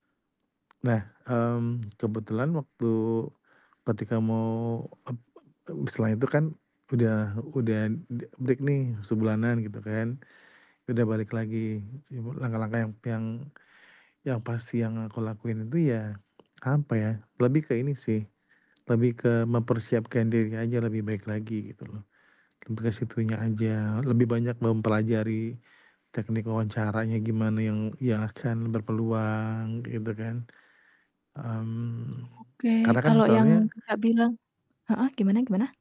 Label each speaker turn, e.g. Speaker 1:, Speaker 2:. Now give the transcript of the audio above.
Speaker 1: Nah, mmm, kebetulan waktu ketika mau ep e setelah itu kan udah udah de break nih sebulanan gitu kan. Udah balik lagi sibu langkah-langkah yang yang yang pasti yang aku lakuin itu ya, apa ya, lebih ke ini sih, lebih ke mempersiapkan diri aja lebih baik lagi, gitu loh. Lebih ke situnya aja, lebih banyak mempelajari teknik wawancaranya gimana yang yang akan berpeluang gitu kan. Mmm,
Speaker 2: Oke,
Speaker 1: karena kan,
Speaker 2: kalau yang
Speaker 1: soalnya
Speaker 2: Kakak bilang heeh, gimana gimana?